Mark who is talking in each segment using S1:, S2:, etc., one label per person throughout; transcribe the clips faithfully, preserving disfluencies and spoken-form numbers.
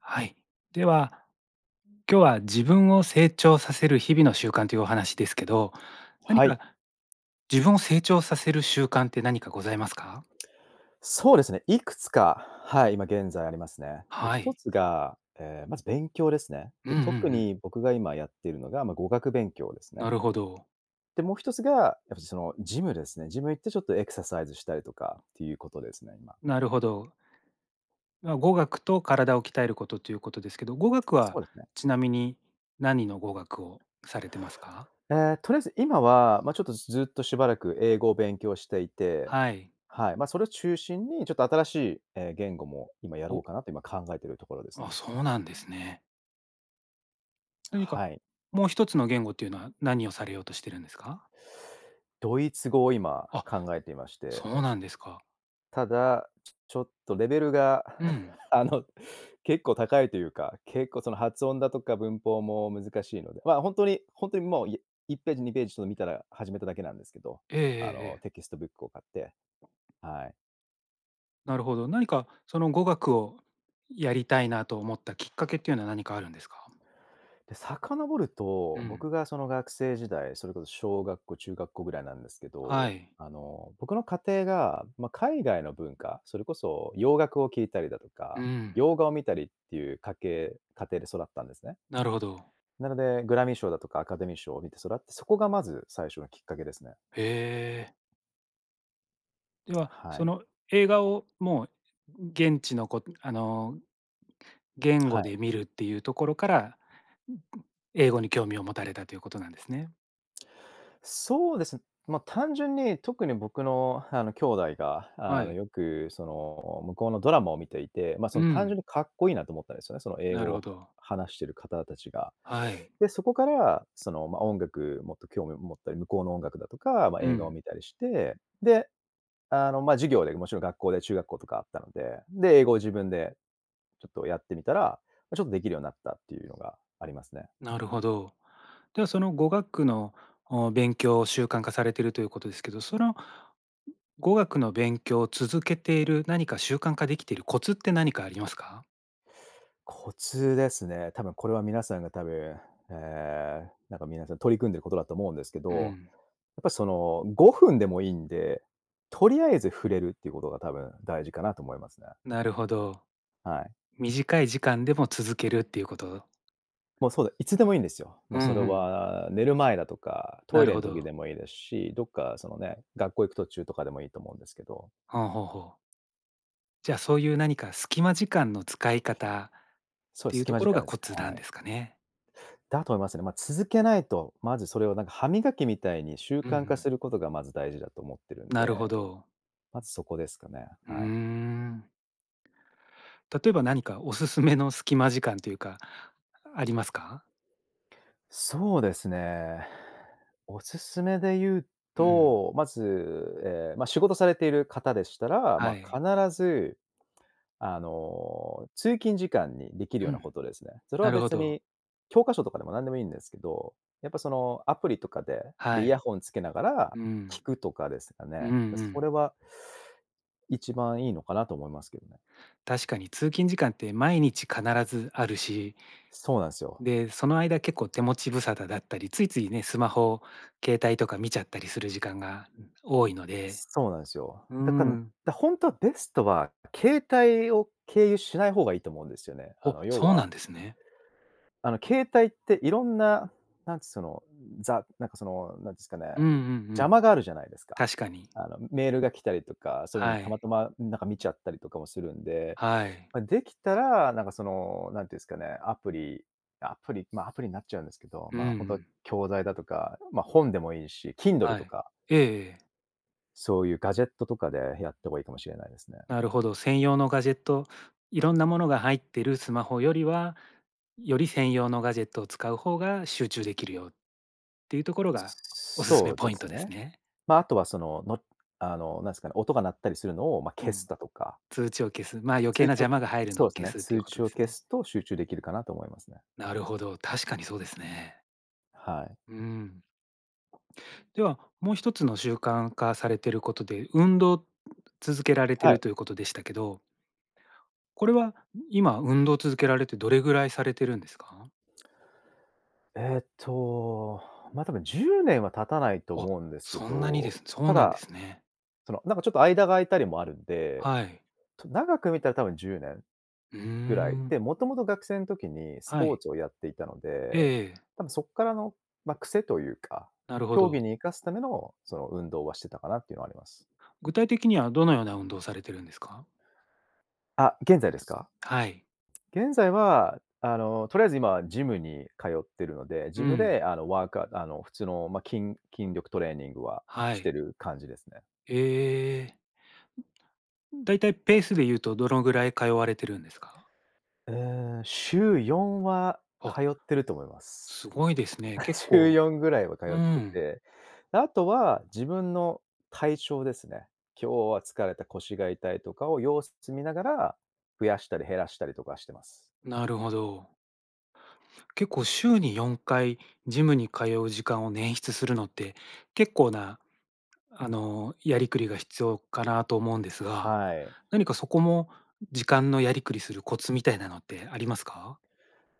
S1: はい。では、今日は自分を成長させる日々の習慣というお話ですけど、何
S2: はい。
S1: か、自分を成長させる習慣って何かございますか？
S2: そうですね、いくつか、はい、今現在ありますね。で
S1: は
S2: ひと
S1: い。
S2: つが、ええ、まず勉強ですね。
S1: う
S2: で、
S1: んうんう
S2: 特
S1: ん。
S2: に僕が今やっているのが、ま、語学勉強です
S1: な
S2: ね。
S1: るほど。
S2: で、もうひとつが、やっぱりその、ジムですね。ジム行ってちょっとエクササイズしたりとかっていうことですね、今。
S1: なるほど。ま、語学と体を鍛えることということですけど、語学
S2: そ
S1: は
S2: うですね。
S1: ちなみに何の語学をされていますか？
S2: ええ、とりあえず今は、ま、ちょっとずっとしばらく英語を勉強していて、
S1: はい。
S2: はい、ま、それを中心にちょっと新しい、え、言語も今やろう
S1: お。
S2: かなと今考えているところです
S1: あ、
S2: ね。
S1: そうなんですね。何か、
S2: はい。
S1: もうひとつの言語というのは何をされようとしているんですか？
S2: ドイツ語を今、
S1: あ、
S2: 考えていまして
S1: そうなんですか。
S2: ただ、ちょちょっとレベルが、
S1: うん。
S2: あの、結構高いというか、結構その、発音だとか文法も難しいので、ま、本当に、本当にもういいっぺーじにぺーじちょっと見たら始めただけなんですけど、
S1: えええ
S2: あ
S1: え
S2: の、
S1: ええ。
S2: テキストブックを買って。はい。
S1: なるほど。何かその、語学をやりたいなと思ったきっかけっていうのは何かあるんですか？
S2: で、遡る
S1: う
S2: と、
S1: ん。
S2: 僕がその、学生時代、それこそ小学校、中学校ぐらいなんですけ
S1: は
S2: ど、
S1: い。
S2: あの、僕の家庭が、ま、海外の文化、それこそ洋楽を聴いたりだと
S1: う
S2: か、
S1: ん。
S2: 洋画を見たりっていう家系家庭で育ったんですね。
S1: なるほど。
S2: なので、グラミー賞だとかアカデミー賞を見て育って、そこがまず最初のきっかけですね。
S1: へえ。では
S2: は
S1: そ
S2: い。
S1: の映画をもう現地のこんあの、言
S2: は
S1: 語
S2: い。
S1: で見るっていうところから、んん、英語に興味を持たれたということなんですね。
S2: そうです、まあ単純に特に僕のあの、兄弟があ
S1: は
S2: の、
S1: い。
S2: よくその、向こうのドラマを見ていて、まあそ
S1: う
S2: の単
S1: ん。
S2: 純にかっこいいなと思ったんですよね、その英
S1: な
S2: 語
S1: る
S2: を
S1: ほ
S2: は
S1: ど。
S2: 話してる方たちが。
S1: はい。
S2: で、そこから、その、ま、音楽もっと興味を持ったり、向こうの音楽だとか、まあ
S1: う
S2: 映画を
S1: ん。
S2: 見たりして、で、あの、まあ授業でもちろん学校で中学校とかあったので、で、英語を自分で、ちょっとやってみたら、ま、ちょっとできるようになったっていうのがありますね。
S1: なるほど。ではその語学の、お、勉強を、習慣化されているということですけど、その語学の勉強を続けている何か習慣化できてるコツって何かありますか？
S2: コツですね、多分これは皆さんが多分、ええ、なんか皆さん取り組んでることだと思うんですけ
S1: う
S2: ど、
S1: ん。
S2: やっぱりその、ごふんでもいいんで、とりあえず触れるってことが多分大事かなと思いますね。
S1: なるほど。
S2: はい。
S1: 短い時間でも続けるっていうこと
S2: もうそうで、いつでもいいんですよ。も
S1: う
S2: うそれ
S1: んうん。
S2: は寝る前だとか、ト
S1: な
S2: イ
S1: る
S2: レ
S1: ほ
S2: の時
S1: ど。
S2: でもいいですし、どっかその、ね、学校行く途中とかでもいいと思うんですけど。
S1: はあ、ほおほお。じゃあ、そういう何か、隙間時間の使い方っ
S2: そうで
S1: て
S2: す、
S1: いう
S2: 隙
S1: と
S2: 間
S1: こ
S2: 時
S1: ろ
S2: 間
S1: が
S2: で
S1: コ
S2: す
S1: ツ
S2: ね。
S1: な
S2: は
S1: ん
S2: い。
S1: ですかね？
S2: だと思いますね。ま、続けないと、まずそれをなんか、歯磨きみたいに習
S1: うんう
S2: 慣化
S1: ん。
S2: することがまず大事だと思ってるん
S1: なるほ
S2: で。
S1: ど。
S2: まずそこですかね、
S1: うー
S2: はい。
S1: ん。例えば何かおすす めの隙間時間というか、ありますか？
S2: そうですね。おすすめで言う
S1: うん。
S2: と、まず、ええ、ま、仕事されている方でしたら、
S1: は
S2: ま、必
S1: い。
S2: ず、あの、通勤時間にできる
S1: う
S2: ようなこ
S1: ん。
S2: とですね。それは
S1: なるほ
S2: 別
S1: ど。
S2: に、教科書とかでも何でもいいんですけど、やっぱその、アプリとかで、で、
S1: は
S2: イヤ
S1: い。
S2: ホンつけながら
S1: うん。
S2: 聞くとかですか
S1: う
S2: ね。
S1: んう
S2: だ、そ
S1: ん。
S2: れは一番いいのかなと思いますけどね。
S1: 確かに通勤時間って毎日必ずあるし
S2: そうなんすよ。
S1: で、その間結構手持ち無沙汰だったり、ついついね、スマホ、携帯とか見ちゃったりする時間が多いので。
S2: そうなんすよ。
S1: う
S2: だかん
S1: ん。
S2: だ、ほんとはベストは携帯を経由しない方がいいと思うんですよね。あ
S1: お、
S2: の要
S1: そうな
S2: は
S1: んですね。
S2: あの、携帯って色んな、なんちその、ザなんかその、何ですかね、
S1: うんうんう
S2: 邪
S1: ん。
S2: 魔があるじゃないですか。
S1: 確かに。
S2: あの、メールが来たりとか、そういうふうに
S1: は
S2: たま
S1: い。
S2: たま、ん、なんか見ちゃったりとかもするんで。
S1: はい。
S2: ま、できたらなんかその、なんて言うんすかね、アプリ、アプリ、まあ、アプリになっちゃうんですけど、
S1: うんう
S2: まあ、ほんと、
S1: ん。
S2: 教材だとか、ま、本でもいいし、Kindle
S1: は
S2: と
S1: い、
S2: か
S1: ええええ。
S2: そういうガジェットとかでやってもいいかもしれないですね。
S1: なるほど。専用のガジェット、いろんなものが入ってるスマホよりは、より専用のガジェットを使う方が集中できるよっていうところが、おすす
S2: そ
S1: め
S2: う
S1: ポ
S2: で
S1: イント
S2: す
S1: です
S2: ね。
S1: ね。
S2: ま、後はその、のあの、何すかね、音が鳴ったりするのを、ま、
S1: う
S2: 消す
S1: ん、
S2: だとか
S1: 通知を消す、まあ、余計
S2: 通
S1: な
S2: 知
S1: 邪
S2: を
S1: 魔が入るの
S2: そ
S1: を
S2: うす
S1: 消
S2: ね、
S1: すっていう
S2: 通
S1: こと
S2: 知
S1: で
S2: を
S1: す
S2: 消
S1: ね。
S2: すと集中できるかなと思いますね。
S1: なるほど、確かにそうですね。
S2: はい。
S1: うん。では、もうひとつの習慣化されてることで、運動続けられて
S2: は
S1: る
S2: い。
S1: ということでしたけどこれは、ん、今運動続けられてどれぐらいされてるんですか？
S2: えっと、まあ、多分じゅうねんは経たないと
S1: あ、
S2: 思うんですけ
S1: そんなにで
S2: ど、
S1: すそ
S2: た
S1: うなんで
S2: だ、
S1: すね。
S2: その、何か、ちょっと間が空いたりもあるんで、
S1: はい。
S2: と、長く見たら多分じゅうねん
S1: うー
S2: ぐらい、
S1: ん。
S2: で、もともと学生ん時にス
S1: は
S2: ポ
S1: い。
S2: ーツをやっていたので、
S1: ええ。
S2: 多分そっからの、ま、癖というか、
S1: なるほ
S2: 競
S1: ど。
S2: 技に生かすための、その、運動はしてたかなっていうのはあります。
S1: 具体的にはどのような運動をされてるんですか？
S2: あ、現在ですか？
S1: はい。
S2: 現在は、あの、とりあえず今はジムに通ってるので、
S1: う
S2: ジム
S1: ん。
S2: で、あの、ワークアあの、普通の、ま、きん筋力トレーニングは
S1: は
S2: し
S1: い。
S2: てる感じですね。
S1: ええ。だいたいペースで言うとどのぐらい通われてるんですか？
S2: ええ、しゅうよんは通
S1: あ。
S2: ってると思います。
S1: すごいですね。結
S2: しゅう
S1: 構
S2: よんぐらいは通
S1: う
S2: って
S1: ん。
S2: て、後は自分の体調ですね。今日は疲れた腰が痛いとかを、様子す見ながら、増やしたり減らしたりとかしてます。
S1: なるほど。結構、週によんかいジムに通う時間を捻出するのって、結構な、あの、やりくりが必要かなと思うんですが、
S2: はい。
S1: 何かそこも、時間のやりくりするコツみたいなのってありますか？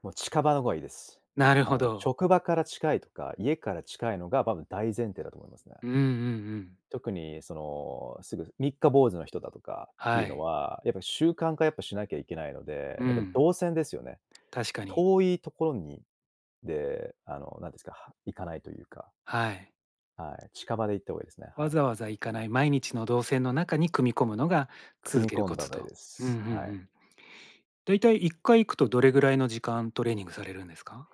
S2: もう近場のがいいです。
S1: なる
S2: あ
S1: ほ
S2: の、
S1: ど。
S2: 職場から近いとか、家から近いのがばぶん大前提だと思いますね。
S1: うんうんうん。
S2: 特にその、すぐ三日坊主の人だとかってい
S1: は
S2: うの
S1: い。
S2: は、やっぱ習慣化やっぱしなきゃいけないの
S1: う
S2: で、やっぱ
S1: ん。
S2: 動線ですよね。
S1: 確かに。
S2: 遠いところにで、あの、何て言うんですか、は、行かないというか。
S1: はい。
S2: はい、近場で行った方がいいですね、は
S1: わ
S2: い。
S1: ざわざ行かない毎日の動線の中に組み込むのが、
S2: 組
S1: 続
S2: み
S1: ける
S2: 込ん
S1: コ
S2: だ方
S1: ツ
S2: がいい
S1: と。
S2: で
S1: うんうん
S2: す。
S1: う
S2: はい。
S1: ん。だいたいいっかい行くと、どれぐらいの時間トレーニングされるんですか？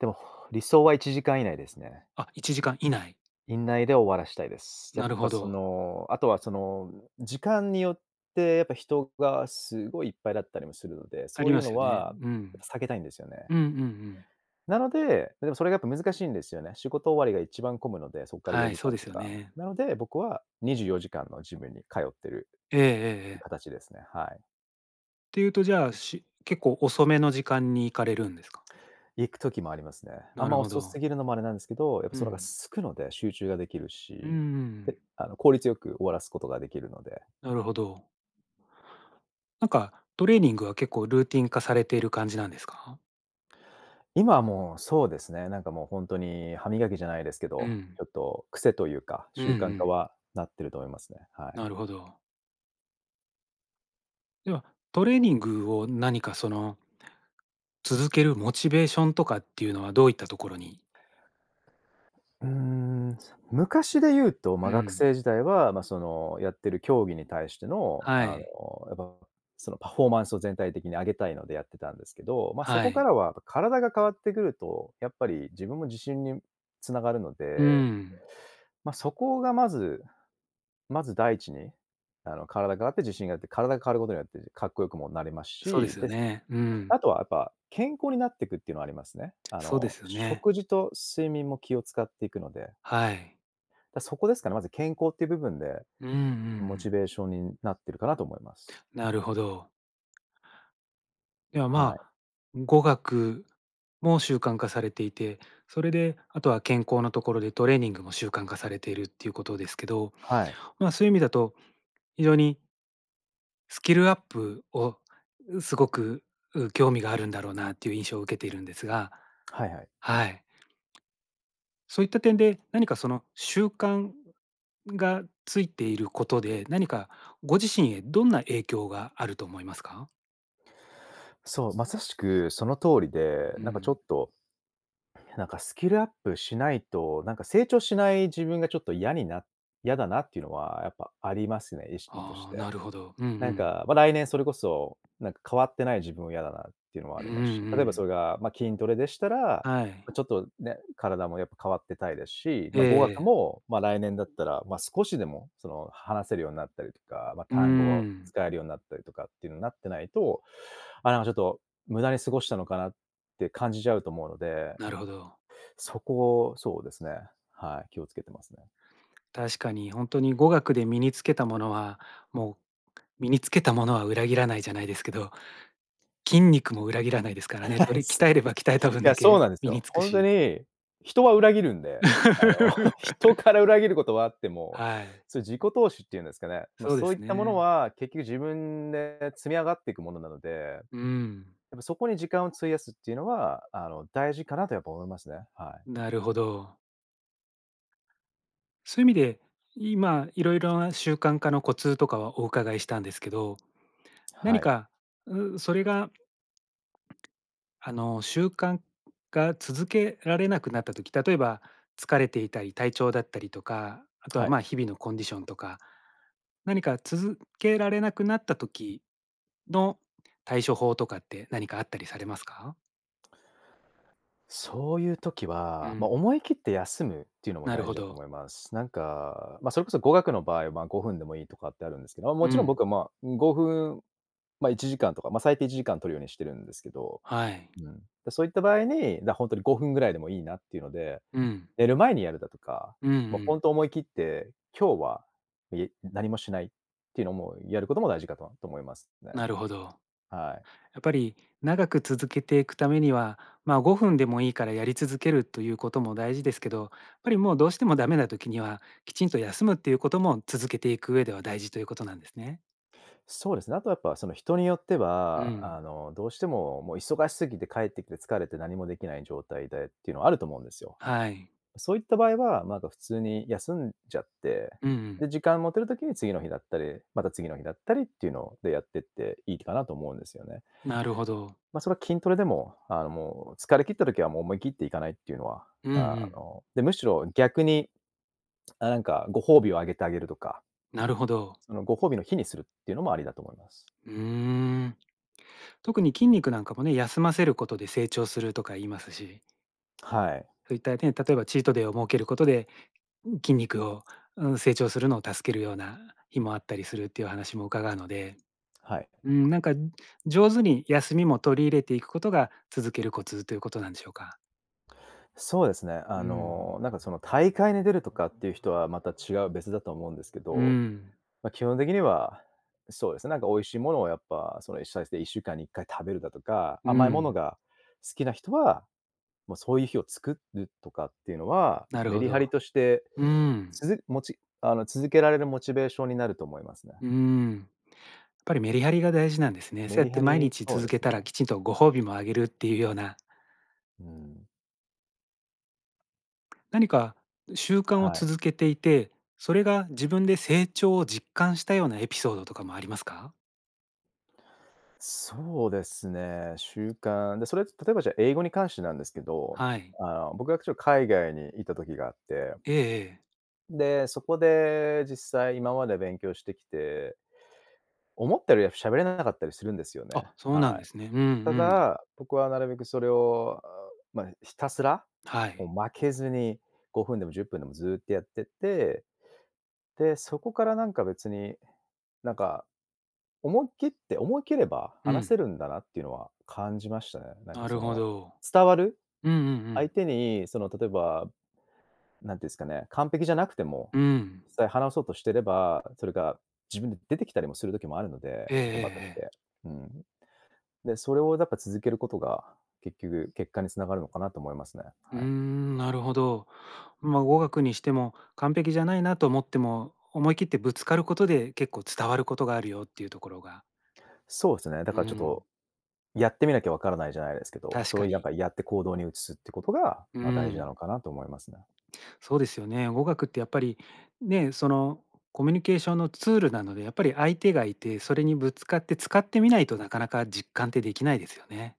S2: でも、ほ理想はいちじかん以内ですね。
S1: あ、いちじかん以内。
S2: いんないで終わらしたいです。や
S1: な
S2: っ
S1: る
S2: ぱ
S1: ほ
S2: そ
S1: ど。
S2: の後は、その、時間によって、やっぱ人がすごいいっぱいだったりもするので、
S1: あ
S2: そ
S1: り
S2: うい
S1: ま
S2: う
S1: す
S2: の
S1: よね、
S2: は
S1: うん。
S2: 避けたいんですよね。
S1: うんうんうん。
S2: なのででも、それが、やっぱ、難しいんですよね。仕事終わりが一番混むので、そっからよ
S1: はい、
S2: じ
S1: そ
S2: か
S1: う
S2: ん
S1: で
S2: と
S1: すよ
S2: か。
S1: ね。
S2: なので、僕はにじゅうよじかんのジムに通ってる
S1: ええええええ。
S2: 形ですね、はい。
S1: ていうと、じゃあ、し結構遅めの時間に行かれるんですか？
S2: 行く時もありますね。あ
S1: な
S2: ん
S1: る
S2: ま
S1: ほ
S2: 遅す
S1: ど。
S2: ぎるのもあれなんですけど、やっぱ
S1: う
S2: その方が
S1: ん。
S2: 空くので集中ができる
S1: うー
S2: し、で、
S1: ん。
S2: あの、効率よく終わらすことができるので。
S1: なるほど。なんか、トレーニングは結構ルーティン化されてる感じなんですか？
S2: 今はもうそうですね、なんかもうほんとに歯磨きじゃないですけ
S1: う
S2: ど、
S1: ん。
S2: ちょっと癖というか、
S1: うんう
S2: 習慣化
S1: ん。
S2: はなってると思いますね、はい。
S1: なるほど。では、トレーニングを何かその続けるモチベーションとかっていうのはどういったところに
S2: うーん、そ、昔で言うと、ま、
S1: う
S2: 学
S1: ん。
S2: 生時代は、ま、その、やってる競技に対しての、
S1: は
S2: あ
S1: い。
S2: の、やっぱ、その、パフォーマンスを全体的に上げたいのでやってたんですけど、ま、そ
S1: は
S2: こか
S1: い。
S2: らはやっぱ体が変わってくると、やっぱり自分も自信に繋がるの
S1: う
S2: で
S1: ん。
S2: ま、そこがまずまず第一にあの、体変わって自信があって、体が変わることによってかっこよくもなります
S1: そうで
S2: し、
S1: すよ
S2: です
S1: ね。うん。
S2: あとはやっぱ、健康になっていくっていうのはありますね。あ
S1: そうで
S2: の、
S1: すよね。
S2: 食事と睡眠も気を使っていくので。
S1: はい。
S2: だそこですかね、まず健康っていう部分で、
S1: うんうんう
S2: モチ
S1: ん。
S2: ベーションになってるかなと思います。
S1: なるほど。やあ、
S2: は
S1: ま
S2: い。
S1: あ、語学も習慣化されていて、それで、あとは健康なところでトレーニングも習慣化されているっていうことですけど、
S2: はい。
S1: ま、そういう意味だと非常にスキルアップを、う、すごく、う、興味があるんだろうなという印象を受けているんですが
S2: はいはい。
S1: はい。そういった点で何かその習慣がついていることで、何かご自身へどんな影響があると思いますか？
S2: そう、まさしくその通りで、
S1: うー
S2: なんかちょ
S1: ん。
S2: っと、なんか、スキルアップしないとなんか、成長しない自分がちょっと嫌にな嫌だなっていうのはやっぱありますね、意識とし
S1: ああ、
S2: て。
S1: なるほど。うんう
S2: なん
S1: ん。
S2: か、ま、来年それこそ、なんか、変わってない自分は嫌だなっていうのも
S1: う
S2: あ
S1: ーん
S2: りますし、
S1: う
S2: 例えば
S1: ん。
S2: それが、ま、筋トレでしたら、
S1: はい。
S2: ま、ちょっとね、体もやっぱ変わってたいですし、
S1: ええ
S2: ま、語学
S1: ええ。
S2: も、まあ、来年だったら、まあ、少しでも、その、話せるようになったりとか、ま、
S1: うー
S2: 単語を
S1: ん。
S2: 使えるようになったりとか、っていうのになってないと、あ、「なんかちょっと無駄に過ごしたのかな」って感じちゃうと思うので、
S1: なるほど。
S2: そこそうですね、はい、気を付けてますね。
S1: 確かに本当に語学で身につけたものは、「もう身につけたものは裏切らないじゃない」ですけど、「筋肉も裏切らない」ですからね。よ り、鍛えれば鍛えた
S2: [unintelligible] い
S1: 分だ
S2: や、そう
S1: け
S2: なんです
S1: 身に
S2: よ。
S1: 付く
S2: 本当
S1: し
S2: に、人は裏切るんで、あの、人から裏切ることはあっても、
S1: はい。
S2: それ自己投資って言うんですかね。まあ、
S1: そうで
S2: そういっ
S1: す
S2: たもの
S1: ね。
S2: は、結局自分で積み上がっていくものなので、
S1: うー
S2: や
S1: ん。
S2: っぱそこに時間を費やすっていうのは、あの、大事かなとやっぱ思いますね、はい。
S1: なるほど。そういう意味で、今いろいろな習慣化のコツとかはお伺いしたんですけど、
S2: は
S1: 何
S2: い。
S1: か、う、それがあの習慣が続けられなくなった時、例えば疲れていたり体調だったりとか、あと
S2: は
S1: は、
S2: い。
S1: ま、日々のコンディションとか、何か続けられなくなった時の対処法とかって何かあったりされますか？
S2: そういう時
S1: う
S2: は、ま、
S1: ん。
S2: 思い切って休むっていうのも
S1: なる
S2: 大
S1: ほ
S2: 事だと
S1: ど。
S2: 思います。なんか、ま、それこそ語学の場合、ま、ごふんでもいいとかってあるんですけど。ま、も
S1: う
S2: ちろん僕
S1: ん。
S2: は、ま、ごふん、ま、いちじかんとか、ま、最低いちじかん取るようにしてるんですけど、
S1: はい。
S2: うん。で、そういった場合に、なほんとにごふんぐらいでもいいなっていうので、
S1: うん。
S2: 寝る前にやるだとか、
S1: うんう
S2: もうほ
S1: ん。
S2: んと思い切って、今日は、え何もしないっていうのもやることも大事かとと思いますね。
S1: なるほど。
S2: はい。
S1: やっぱり長く続けていくためには、ま、ごふんでもいいからやり続けるということも大事ですけど、やっぱりもうどうしてもダメな時にはきちんと休むっていうことも続けていく上では大事ということなんですね。
S2: そうですね、あとやっぱその、人によって
S1: う
S2: は
S1: ん。
S2: あの、どうしてももう忙しすぎて帰ってきて疲れて何もできない状態でっていうのはあると思うんですよ。
S1: はい。
S2: そういった場合は、まだ普通に休んじゃって、
S1: うんうん。
S2: で、時間持てる時に次の日だったり、また次の日だったりっていうのを、でやってっていいかなと思うんですよね。
S1: なるほど。
S2: ま、そら筋トレでも、あ、もう疲れ切った時はもう思い切って行かないっていうのは、
S1: うんう
S2: あ
S1: ん。
S2: ので、むしろ逆に、あ、なんかご褒美をあげたげるとか
S1: なるほど。
S2: あの、ご褒美の日にするっていうのもありだと思います。
S1: うーん。特に筋肉なんかもね、休ませることで成長するとか言いますし
S2: はい。
S1: そういった点、例えばチートデーを設けることで、ん、筋肉を、うーん、成長するのを助けるような日もあったりするっていう話も伺うので、
S2: はい。
S1: うーん、なんか上手に休みも取り入れていくことが続けるコツということなんでしょうか？
S2: そうですね、
S1: う
S2: あ
S1: んうん。
S2: の、なんかその大会に出るとかっていう人はまた違う別だと思うんですけ
S1: うー
S2: ど、
S1: ん。
S2: ま、基本的にはそうですね、なんか美味しいものをやっぱ、その最低1週間に1回食べるだとか、
S1: うー
S2: 甘いもの
S1: ん。
S2: が、好きな人は、もう、そういう日を作るとかっていうのは、
S1: なる
S2: メ
S1: ほ
S2: リハ
S1: ど。
S2: リとして
S1: うーん。
S2: つづモチあの、続けられるモチベーションになると思いますね。
S1: うーん。やっぱりメリハリが大事なんですね。
S2: メ
S1: そうやっ
S2: リ
S1: て
S2: ハ
S1: 毎
S2: リ、
S1: 日
S2: そう
S1: 続
S2: で
S1: け
S2: すね。
S1: たら、きちんとご褒美もあげるっていうような。
S2: うん。
S1: 何か習慣を
S2: はい。
S1: 続けていて、それが自分で成長を実感したようなエピソードとかもありますか？
S2: そうですね。習慣。で、それって例えばじゃあ英語に関してなんですけど、
S1: はい。
S2: あの僕はちょっと海外に居た時があって
S1: ええええ。
S2: で、そこで実際今まで勉強してきて、思ったよりは喋れなかったりするんですよね、
S1: あ、そうなん
S2: は
S1: で
S2: い。
S1: すね。うん
S2: た
S1: うん。
S2: だ、僕はなるべくそれをあまひたすら、
S1: は
S2: もう
S1: い。
S2: 負けずにごふんでもじゅっぷんでもずっとやってって、で、そこからなんか別に、なんか、思い切って思い切れば
S1: う
S2: 話せ
S1: ん。
S2: るんだなっていうのは感じましたね。なん
S1: な
S2: か
S1: る
S2: そ
S1: ほ
S2: の、
S1: ど。
S2: 伝わる。
S1: うんうんう
S2: 相
S1: ん。
S2: 手に、その、例えば、なんて言うんですかね、完璧じゃなくても、
S1: うん。
S2: 実際話そうとしてれば、それが自分で出てきたりもする時もあるので、
S1: ええええ
S2: 言葉とし
S1: ええ。
S2: て。うん。で、それをやっぱ続けることが、結局、結果に繋がるのかなと思いますね、
S1: うー
S2: はい。
S1: ん、なるほど。ま、「語学にしても完璧じゃないなと思っても、思い切ってぶつかることで結構伝わることがあるよ」っていうところが
S2: そうですね。だ
S1: うー
S2: からちょっと、
S1: ん。
S2: 「やってみなきゃ分からない」じゃないですけど、
S1: 確
S2: そ
S1: か
S2: れをなん
S1: に。
S2: かやって行動に移すっていうことが、
S1: う
S2: ま、大事なの
S1: ん。
S2: かなと思いますね。
S1: そうですよね。語学ってやっぱりね、そのコミュニケーションのツールなので、やっぱり相手がいて、それにぶつかって使ってみないと、なかなか実感ってできないですよね。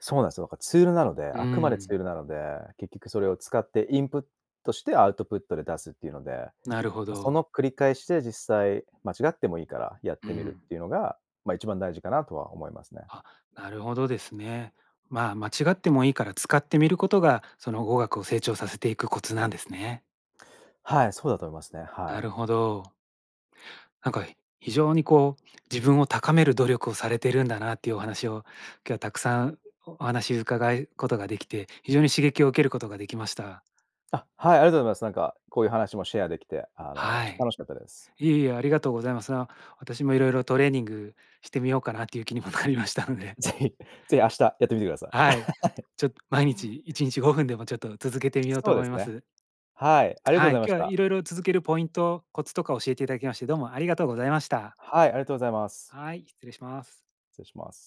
S2: そうなんですよ、だからツールなので、
S1: うー
S2: あくまでツ
S1: ん。
S2: ールなので、結局それを使ってインプットしてアウトプットで出すっていうので、
S1: なるほ
S2: ま、そ
S1: ど。
S2: の繰り返しで実際間違ってもいいからやっ
S1: う
S2: てみる
S1: ん。
S2: っていうのが、「ま、一番大事かな」とは思いますね。
S1: あ、なるほどですね。ま、間違ってもいいから使ってみることが、その語学を成長させていくコツなんですね。
S2: はい、そうだと思いますね、は
S1: な
S2: い。
S1: るほど。なんか非常にこう、自分を高める努力をされているんだなっていうお話を今日はたくさんお話伺うことができて、非常に刺激を受けることができました。
S2: あ、はい、ありがとうございます。なんかこういう話もシェアできて、あの、
S1: は
S2: ちょっと
S1: い。
S2: 楽しかったです。
S1: いえいえ、ありがとうございます。な、私もいろいろトレーニングしてみようかなという 気にもなりましたので。
S2: 是非、是非明日やってみてください。
S1: は
S2: は
S1: い、
S2: い。
S1: ちょっと毎日いちにちごふんでもちょっと続けてみよう
S2: そ
S1: と
S2: うで
S1: 思い
S2: す
S1: ま
S2: ね。
S1: す。
S2: はい、ありがとうご
S1: は
S2: ざい
S1: い、
S2: まし
S1: 今日は
S2: た。
S1: いろいろ続けるポイント、コツとか教えていただきましてどうもありがとうございました。
S2: はい、ありがとうございます。
S1: はい、失礼します。
S2: 失礼します。